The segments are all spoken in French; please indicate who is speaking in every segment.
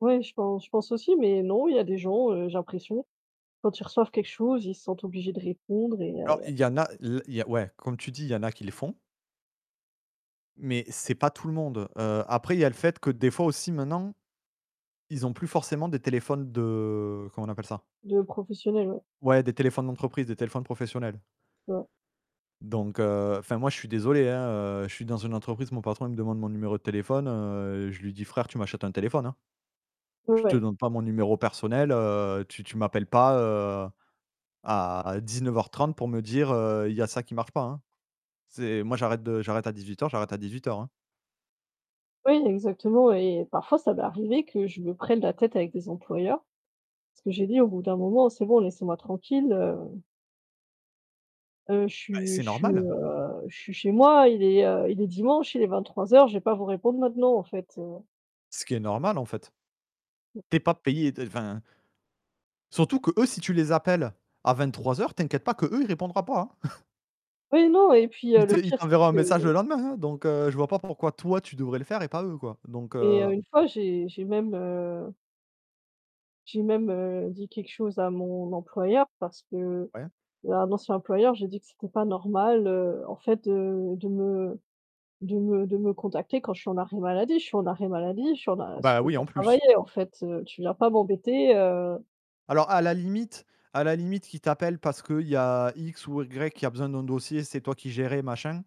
Speaker 1: Ouais, je pen je pense aussi, mais non, il y a des gens, heu, j'ai l'impression, quand ils reçoivent quelque chose, ils se sentent obligés de répondre et il y a il
Speaker 2: Alors,
Speaker 1: y a
Speaker 2: il y en a l il y a ouais, comme tu dis, il y en a qui le font mais c'est pas tout le monde. Heu, après, il y a le fait que, des fois, aussi, maintenant, ils ont plus forcément des téléphones de, comment on appelle ça?
Speaker 1: De professionnels, ouais.
Speaker 2: Ouais, des téléphones d'entreprise, des téléphones professionnels.
Speaker 1: Ouais.
Speaker 2: Donc, heu, enfin, moi, je suis désolé, hein, heu, je suis dans une entreprise, mon patron, il me demande mon numéro de téléphone, heu je lui dis: «Frère, tu m'achètes un téléphone», hein. «Je te
Speaker 1: Ouais.
Speaker 2: donne pas mon numéro personnel, heu, tu tu m'appelles pas, heu, à 19:30 pour me dire, heu: "Il y a ça qui marche pas", hein». C'est moi, j'arrête de j'arrête à 18:00, j'arrête à 18:00, hein.
Speaker 1: Oui, exactement et parfois ça m'est arrivé que je me prenne la tête avec des employeurs parce que j'ai dit: «Au bout d'un moment, c'est bon, laissez-moi tranquille, heu heu, je
Speaker 2: Bah,
Speaker 1: suis
Speaker 2: c'est
Speaker 1: je suis,
Speaker 2: normal.
Speaker 1: heu, je suis chez moi, il est, heu, il est dimanche, il est 23:00, je vais pas vous répondre maintenant, en fait, heu.»
Speaker 2: Ce qui est normal, en fait.
Speaker 1: Mmh.
Speaker 2: Tu es pas payé de enfin Surtout qu'eux, si tu les appelles à 23:00, t'inquiète pas qu'eux, il répondra pas, hein.
Speaker 1: Oui, non et puis, heu,
Speaker 2: Il
Speaker 1: le
Speaker 2: te il
Speaker 1: pire c'est
Speaker 2: t'enverra un
Speaker 1: que
Speaker 2: message le lendemain, hein, donc, heu, je vois pas pourquoi toi, tu devrais le faire et pas eux, quoi. Donc,
Speaker 1: Et heu,
Speaker 2: heu
Speaker 1: une fois, j'ai j'ai même heu j'ai même, heu, dit quelque chose à mon employeur parce que
Speaker 2: Ouais.
Speaker 1: à un ancien employeur j'ai dit que: «C'était pas normal, heu, en fait, de de me de me de me contacter quand je suis en arrêt maladie. Je suis en arrêt maladie, je suis en
Speaker 2: Oh
Speaker 1: a je
Speaker 2: bah,
Speaker 1: peux
Speaker 2: oui,
Speaker 1: pas
Speaker 2: en plus.
Speaker 1: travailler, en fait, heu, tu viens pas m'embêter, heu.»
Speaker 2: Alors, à la limite, à la limite qu'ils t'appellent parce qu'il y a X ou Y qui a besoin d'un dossier, c'est toi qui gérais machin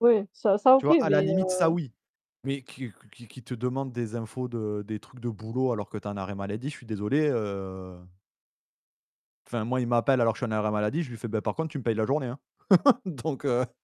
Speaker 1: Ouais, ça ça,
Speaker 2: tu
Speaker 1: OK,
Speaker 2: vois, à la
Speaker 1: mais
Speaker 2: limite, ça,
Speaker 1: heu
Speaker 2: oui. Mais qu'il q qu'il qu'il te demande des infos de des trucs de boulot alors que tu es en arrêt maladie, je suis désolé, heu enfin moi, il m'appelle alors que suis en arrêt maladie, je lui fais: «Bah, par contre, tu me payes la journée, hein». Donc heu